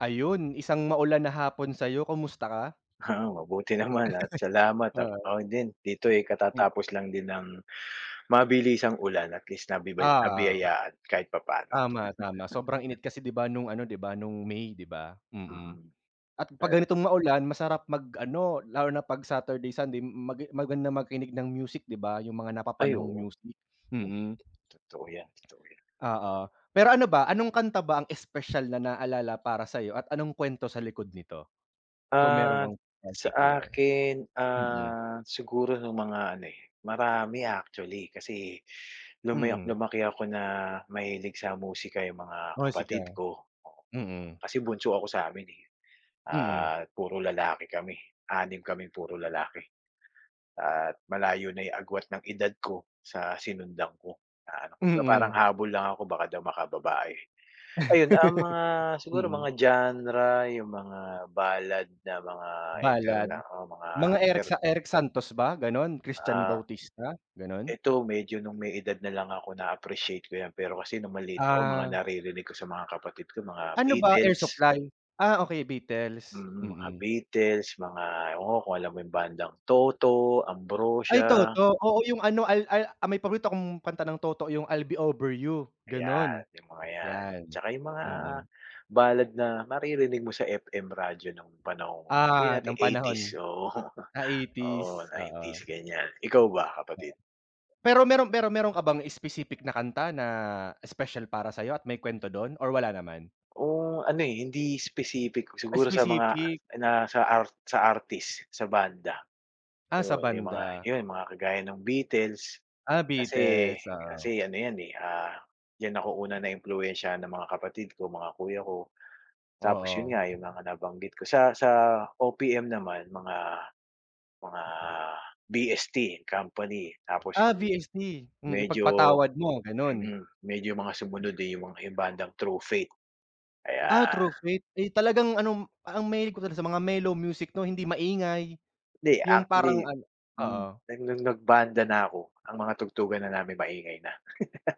Ayun, isang maulan na hapon sa'yo. Kumusta ka? Ah, mabuti naman at salamat at Oo. ako din. Dito eh Mm. katatapos lang din ng mabilisang ulan. At least nabibay Oo, oo. nabiyayaan kahit papaano. Tama, tama. Sobrang init kasi 'di ba, no'ng ano 'di ba, no'ng May 'di ba, mm. Mm. At 'pag Aya ganitong maulan masarap mag-ano, lalo na 'pag Saturday Sunday, mag maganda makinig ng music 'di ba, 'yung mga Ay, napapanahong oo. music, mm. Totoo yan, totoo yan. Oo. Pero ano ba, anong kanta ba ang espesyal na naalala para sa'yo at anong kwento sa likod nito? Kung meron Ah, kang sa particular. akin, Mm. ah, siguro no'ng mga ano eh, marami actually, kasi lumayo Mm. lumaki ako na mahilig sa musika 'yung mga Musika. kapatid ko. Mm. Kasi bunso ako sa amin eh, Mm. at puro lalaki kami. 6 kaming puro lalaki. At malayo na 'yung agwat ng edad ko sa sinundan ko na ano kumbaga parang Mm. habol lang ako baka daw makababae. Ayun, ang mga siguro Mm. mga genre 'yung mga ballad na mga Ballad. interna o mga Mga Erik inter Sa Erik Santos ba, gano'n? Christian Ah. Bautista, gano'n? Eto medyo no'ng may edad na lang ako na-appreciate ko 'yan, pero kasi no'ng maliit ako mga Ah. naririnig ko sa mga kapatid ko mga Ano ba, Air Beetles. Supply? Ah, okey Beetles. Mm, mga Mm. Beatles, mga ewan ko kung alam mo 'yung bandang Toto, Ay, Ambrosia. Toto. Oo, 'yung ano, al ay ah, may paborito kong kanta ng Toto 'yung, I'll be Over You, Ayan, gano'n. 'yung mga 'yan. 'Yan, Tsaka 'yung mga mm. ballad na maririnig mo sa FM radyo ng panahong, sabihin Ah, ng nating '80s, panahon. oo. Ah Oo, '80s, oo. '90s, ganyan. Ikaw ba, kapatid? Pero meron pero meron ka bang specific na kanta na espesyal para sa'yo at may kwento do'n or wala naman? O ano eh, hindi specific. Siguro sa Specific. mga, na sa art sa artist, sa banda. Ah, sa 'Yon, 'yong mga banda. 'yon mga kagaya ng Beatles. Ah, Kasi Beetles, oo. kasi ano 'yan eh, ah, diyan ako una na impluwensyahan ng mga kapatid ko, mga kuya ko. Tapos yun Oo. nga, 'yung mga nabanggit ko. Sa sa OPM naman, mga mga VST& Company. Tapos Ah, 'yung, VST. Mm, medyo Ipagpatawad Mo, gano'n. mm, medyo mga sumunod eh 'yung mga 'yung bandang True Faith. Ah, True Ayan. Faith. Eh talagang anom ah, mahilig ka talaga sa mga mellow music 'no, hindi maingay. Hindi, 'Yung actually, parang ano oo. nag no'ng nag-banda na ako, ang mga tugtugan na namin maingay na.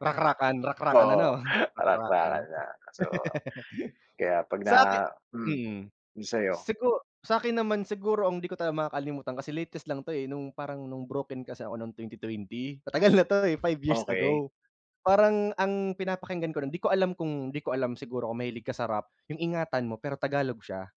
Rakrakan, rakrakan ano, Oo, rakrakan. rakrakan na. So, kaya 'pag na Sa aki mm. mm. 'Yung sa'yo? Sigu sa 'kin naman siguro ang di ko talaga makakalimutan, kasi latest lang 'to eh, no'ng parang no'ng broken kasi ako no'ng 2020. Matagal na 'to eh, 5 years Okey. ago. Parang ang pinapakinggan ko no'n, 'di ko alam kung 'di ko alam siguro kung mahilig ka sa rap, 'yung Ingatan Mo pero Tagalog siya.